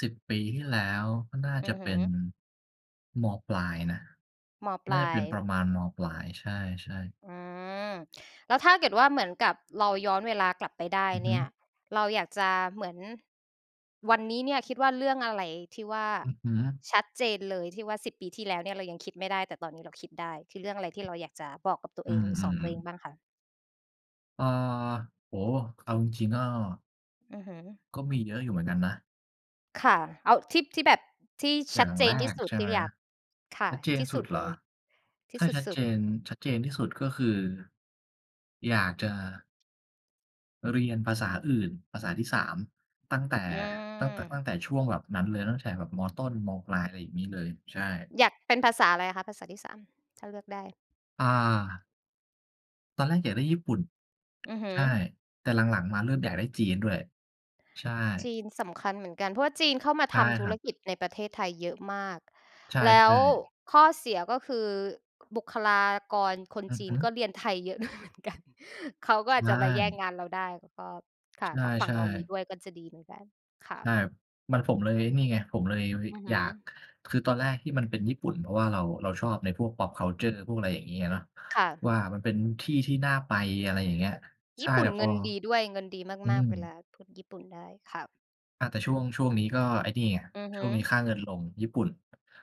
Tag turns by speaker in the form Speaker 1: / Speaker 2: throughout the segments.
Speaker 1: 10 ปีที่แล้ว ก็น่า
Speaker 2: อื
Speaker 1: จะ
Speaker 2: อ
Speaker 1: เ
Speaker 2: ฮ
Speaker 1: ป
Speaker 2: ึ
Speaker 1: ็น ม.ปลายนะ
Speaker 2: ม.ป
Speaker 1: น่
Speaker 2: ล
Speaker 1: า
Speaker 2: า
Speaker 1: จะเป็นป
Speaker 2: ย
Speaker 1: ระมาณ ม.ปลาย ใช่ ๆ
Speaker 2: อืม แล้วถ้าเกิดว่า เหมือนกับเราย้อนเวลากลับไปได้
Speaker 1: อือฮ
Speaker 2: เน
Speaker 1: ึ
Speaker 2: ี่ย เราอยากจะ เหมือน วันนี้เนี่ย คิดว่าเรื่องอะไรที่ว่า
Speaker 1: อือฮึ
Speaker 2: ชัดเจนเลย ที่ว่า 10 ปีที่แล้วเนี่ย เรายังคิดไม่ได้ แต่ตอนนี้เราคิดได้ คือเรื่องอะไร ที่เราอยากจะบอกกับตัวเ
Speaker 1: อ
Speaker 2: อ
Speaker 1: ื
Speaker 2: ง หรือสอนต
Speaker 1: อ
Speaker 2: ัวเอง
Speaker 1: ๆ ๆ
Speaker 2: บ้างคะ?
Speaker 1: อา โอ้โฮ! ค เอาจริง ๆ ก็
Speaker 2: อือฮึ
Speaker 1: ก็มีเยอะอยู่เหมือนกันนะ
Speaker 2: ค่ะ เอาที่ ที่แบบ ที่
Speaker 1: อ
Speaker 2: ช
Speaker 1: ย่
Speaker 2: ั
Speaker 1: า
Speaker 2: ด
Speaker 1: ง
Speaker 2: เจ
Speaker 1: แร
Speaker 2: นที่
Speaker 1: ก
Speaker 2: สุด
Speaker 1: ใช่
Speaker 2: ที
Speaker 1: ไ
Speaker 2: ่
Speaker 1: หม
Speaker 2: อยาก ค่
Speaker 1: ช
Speaker 2: ะ
Speaker 1: ัดเจน
Speaker 2: ท
Speaker 1: ท
Speaker 2: ี่
Speaker 1: ี่ส
Speaker 2: ส
Speaker 1: ุ
Speaker 2: ุ
Speaker 1: ด
Speaker 2: ด
Speaker 1: เหร
Speaker 2: เล
Speaker 1: อ
Speaker 2: ย ที
Speaker 1: ถ
Speaker 2: ่
Speaker 1: ้า
Speaker 2: ส
Speaker 1: ชัด
Speaker 2: ุ
Speaker 1: เ
Speaker 2: ด
Speaker 1: จ
Speaker 2: ๆ
Speaker 1: น ชัดเจนที่สุด ก็คือ ะอยากจะ เรียนภาษาอื่น ภาษาที่ 3 ตั้งแต่
Speaker 2: อื
Speaker 1: ตั้งแต่ ต
Speaker 2: อ
Speaker 1: ั้งแต่ช่วงแบบนั้นเลย ตั้งแต่แบบ ม.ต้น ม.ปลาย อะไรอย่างงี้เลย ใช่
Speaker 2: อยาก เป็นภาษาอะไรคะ ภาษาที่ 3 ถ้าเลือกได้?
Speaker 1: อา ตอนแรกอยากได้ญี่ปุ่น
Speaker 2: อือฮ
Speaker 1: ใ
Speaker 2: ึ
Speaker 1: ช่ แต่หลัง ๆ มาเริ่มอยากได้จีนด้วย ใช่
Speaker 2: จีนสำคัญเหมือนกัน เพราะว่าจีนเข้ามา
Speaker 1: ใช
Speaker 2: ท
Speaker 1: ่
Speaker 2: ำธุ
Speaker 1: คร
Speaker 2: ร
Speaker 1: ับ
Speaker 2: กิจในประเทศไทยเยอะมาก
Speaker 1: ใช่
Speaker 2: แล้ว
Speaker 1: ๆ
Speaker 2: ข้อเสียก็คือบุคลากรคน
Speaker 1: อือ
Speaker 2: จี
Speaker 1: ฮ
Speaker 2: น
Speaker 1: ึ
Speaker 2: ก็เรียนไทยเยอะ ด้วยเหมือนกัน เขาก็
Speaker 1: ใช
Speaker 2: อาจจะไปแย่ง
Speaker 1: ่
Speaker 2: งานเราได้ แล้วก็ ค่ะ ถ้าฝั
Speaker 1: ใ
Speaker 2: ่
Speaker 1: ช
Speaker 2: ง
Speaker 1: ่
Speaker 2: เรามี
Speaker 1: ๆ
Speaker 2: ด้วย ก็จะดีเหมือนกัน ค่
Speaker 1: ใช
Speaker 2: ะ
Speaker 1: ่ มัน ผมเลยไอ้นี่ไง ผมเลย
Speaker 2: อือฮ
Speaker 1: อย
Speaker 2: ึ
Speaker 1: าก คือตอนแรกที่มันเป็นญี่ปุ่น เพราะว่าเรา เราชอบในพวก pop culture พวกอะไรอย่างงี้อะเนาะ
Speaker 2: ค่ะ
Speaker 1: ว่ามันเป็นที่ที่น่าไป อะไรอย่างเงี้ย ใช
Speaker 2: ญี
Speaker 1: ่
Speaker 2: ่ปุ
Speaker 1: แต
Speaker 2: ่
Speaker 1: ่
Speaker 2: น
Speaker 1: พ
Speaker 2: เง
Speaker 1: อ
Speaker 2: ินดีด้วย เงินดี
Speaker 1: อื
Speaker 2: มาก
Speaker 1: ม
Speaker 2: ๆ เวลาพูดญี่ปุ่นได้ ค่ะ
Speaker 1: อา แต่ช่วง ช่วงนี้ก็ไอ้นี่ไง
Speaker 2: อือฮ
Speaker 1: ช่ว
Speaker 2: ึ
Speaker 1: งนี้ค่าเงินลง ญี่ปุ่น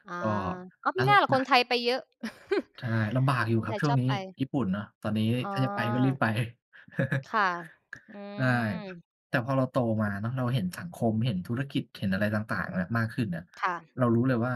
Speaker 2: อา
Speaker 1: ก็
Speaker 2: อ๋อ มิน่าล่ะคนไทยไปเยอะ
Speaker 1: ใช่ ลำบากอยู
Speaker 2: ค
Speaker 1: ่
Speaker 2: น
Speaker 1: คร
Speaker 2: ไ
Speaker 1: ั
Speaker 2: ท
Speaker 1: บ
Speaker 2: ย
Speaker 1: ช่
Speaker 2: ช
Speaker 1: วง
Speaker 2: อบ
Speaker 1: นี้
Speaker 2: ไป
Speaker 1: ญี่ปุ่นเนาะ ตอนนี้
Speaker 2: อ๋อ
Speaker 1: ถ้าจะไปก็รีบไป
Speaker 2: ค่ะ อื
Speaker 1: ใช่
Speaker 2: ม
Speaker 1: แต่พอเราโตมาเนาะ เราเห็นสังคม เห็นธุรกิจ เห็นอะไรต่าง ๆ อะมากขึ้นอะ
Speaker 2: ค่ะ
Speaker 1: เรารู้เลยว่า